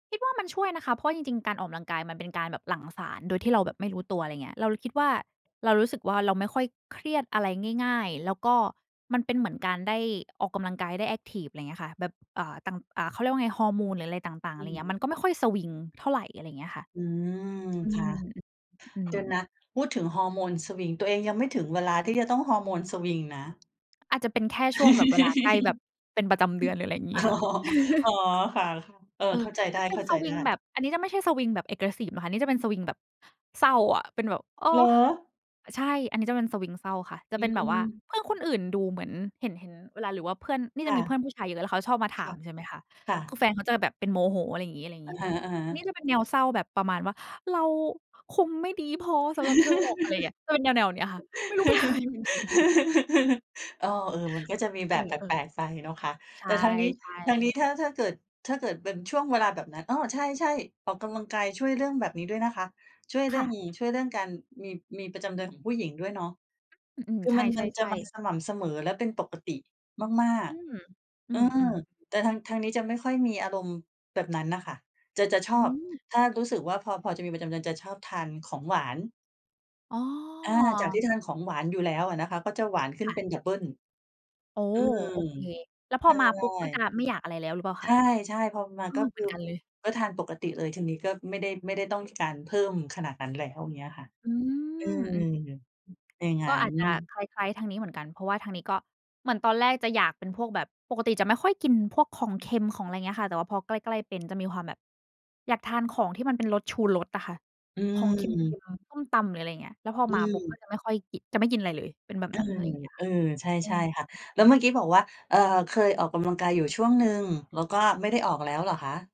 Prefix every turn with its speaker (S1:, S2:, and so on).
S1: คิดว่ามันช่วยนะคะ เพราะจริง ๆ การออกกำลังกายมันเป็นการแบบหลั่งสารโดยที่เราแบบไม่รู้ตัว อะไรอย่างเงี้ย เราเลยคิดว่า เรารู้สึกว่าเราไม่ค่อยเครียดอะไรง่าย ๆ แล้วก็มันเป็นเหมือนการได้ออกกำลังกาย ได้แอ็กทิฟ อะไรอย่างเงี้ยค่ะ แบบ อา ตั่ง อ่า เขาเรียกว่าไงฮอร์โมน หรืออะไรต่าง ๆ
S2: อ
S1: อะไ
S2: ื
S1: รอย่างเงี้ย
S2: ม
S1: มันก็ไม่ค่อยสวิงเท่าไร อะไรอย่างเงี้ยค่ะ
S2: อืม
S1: อื
S2: ค่ะ
S1: ม อ อื
S2: เด
S1: ม
S2: ี๋ยวนะ พูดถึงฮอร์โมนสวิง ตัวเองยังไม่ถึงเวลาที่จะต้องฮอร์โมนสวิงนะ
S1: อาจจะเป็นแค่ช่วงแบบเวลาใกล้แบบเป็นประจำเดือน หรืออะไรอย่างงี
S2: อ
S1: ้
S2: อ๋อ
S1: ค่ะ
S2: อ๋อ ค่ะ ๆ เออ
S1: เอ
S2: เข
S1: อ
S2: ้าใจได
S1: จะ
S2: ้
S1: เป็
S2: เข
S1: น
S2: ้า
S1: ส
S2: ใจ
S1: ว
S2: ไ
S1: ิ
S2: ด้
S1: งแบบ อันนี้จะไม่ใช่สวิงแบบ Aggressive นะคะ อันนี้จะเป็นสวิงแบบเศร้าอะ เป็นแบบ เออ
S2: เหร
S1: อ
S2: อ?
S1: ใช่อันนี้ จะเป็นสวิงเศร้าค่ะ จ
S2: อ
S1: ะ
S2: ื
S1: เป็นแบบว่า
S2: ม
S1: เพื่อนคนอื่นดูเหมือน เห็น เห็น เวลา หรือว่าเพื่อน นี่
S2: ค
S1: จ
S2: ่
S1: ะ
S2: ะ
S1: มีเพื่อนผู้ชายเยอะ แล้วเขาชอบมาถ
S2: ค
S1: า
S2: ่ะ
S1: มใช่ไหมคะ
S2: ค่
S1: คื
S2: ะ
S1: อแฟนเขาจะแบบเป็นโมโห อะไรอย่างงี้ อะไรอย่าง
S2: อ
S1: ง
S2: ะ
S1: ี้ใช่
S2: ฮ
S1: ไหม
S2: ะ
S1: นี
S2: ๆ
S1: ่จะเป็นแนวเศร้าแบบประมาณว่า "เราคงไม่ดีพอสำหรับเธอหรอก" อะไรอย่างเงี้ย จะเป็นแนว ๆ นี้ค่ะ ไม่รู้ เป็นอะไรเหมือนกัน
S2: อ้อ เออ มันก็จะมีแบ
S1: เอ
S2: บแ
S1: อ เออ
S2: ปลก ๆ ไปเนาะคะ
S1: ใช
S2: แต่
S1: ่
S2: ทางนี้ ทางนี้
S1: ๆ
S2: ถ้า ถ้าเกิด ถ้าเกิดเป็นช่วงเวลาแบบนั้น อ้อ ใช่ ๆ ออกกำลังกายช่วยเรื่องแบบนี้ด้วยนะคะ ช่วยเร
S1: ค
S2: ื่
S1: ่
S2: อง
S1: ะ
S2: ช่วยเรื่องการมี มีประจำเดือนของผู้หญิงด้วยเนาะ
S1: อืม
S2: คื
S1: ๆ
S2: อ
S1: ใช
S2: มัน มันจะ
S1: ่
S2: มา
S1: ๆ ๆ
S2: สม่ำเสมอและเป็นปกติมาก
S1: อืม
S2: ๆ
S1: อื
S2: เออ
S1: ม ๆ
S2: แต่ทาง ทางนี้จะไม่ค่อยมีอารมณ์แบบนั้นน่ะค่ะ จะ จะช
S1: อื
S2: อบ
S1: ม
S2: ถ้ารู้สึกว่า พอ พอจะมีประจำเดือน จะชอบทานของหวาน
S1: อ๋
S2: อา จากท
S1: อ
S2: ี่ทานของหวานอยู่แล้วอะนะคะ ก็หวานขึ้
S1: ค
S2: น
S1: ่
S2: เป
S1: ะ
S2: ็นดับเบิล
S1: อ๋อ
S2: อืม
S1: โอเค แล้วพ
S2: ใ
S1: อมาปุ๊บ ก็จะไม
S2: ช
S1: ่อยากอะไรแล้ว หรือเปล่าคะ?
S2: ่ ใช่ ๆ พอมา
S1: อ้อ
S2: ก็ค
S1: เหม
S2: ื
S1: ื
S2: อ
S1: อนกันเลย
S2: ก็ทานปกติเลย ทางนี้ก็ไม่ได้ ไม่ได้ต้องการเพิ่มขนาดนั้นแล้ว อย่างเงี้ยค่ะ
S1: อื
S2: อื
S1: ม
S2: ม
S1: อืม อ
S2: อย่างง
S1: ก
S2: ั
S1: ็
S2: ้
S1: อาจจะ
S2: น
S1: คล้าย ๆ ทางนี้เหมือนกัน เพราะว่าทางนี้ ก็เหมือนตอนแรกจะอยากเป็นพวกแบบ ปกติจะไม่ค่อยกินพวกของเค็ม ของอะไรอย่างเงี้ยค่ะ แต่ว่าพอใกล้ ๆ เป็นจะมีความแบบอยากทานของที่มันเป็นรสชูรสอะค่ะ
S2: อ
S1: ของเค็
S2: ืม
S1: ม ๆ ส้มตำ หรืออะไรอย่างเงี้ย แล้วพอ
S2: อื
S1: มาปุ๊บ ก็
S2: ม
S1: จะไม่ค่อยกิน จะไม่กินอะไรเลย เป็นแบบ
S2: อื
S1: นั้น อะ
S2: ม
S1: ไรอย่างเงี้ย
S2: เ
S1: ค่
S2: ออ ใ
S1: ะ
S2: ช่
S1: เออ
S2: ใช่ค่ะ
S1: ฮ
S2: แล
S1: อ
S2: ้
S1: ื
S2: วเม
S1: ม
S2: ื่อกี้บอกว่า เอ่อ เคยออกกำลังกายอยู่ช่วงหนึ่ง แล้วก็ไม่ได้ออกแล้วเหรอคะ?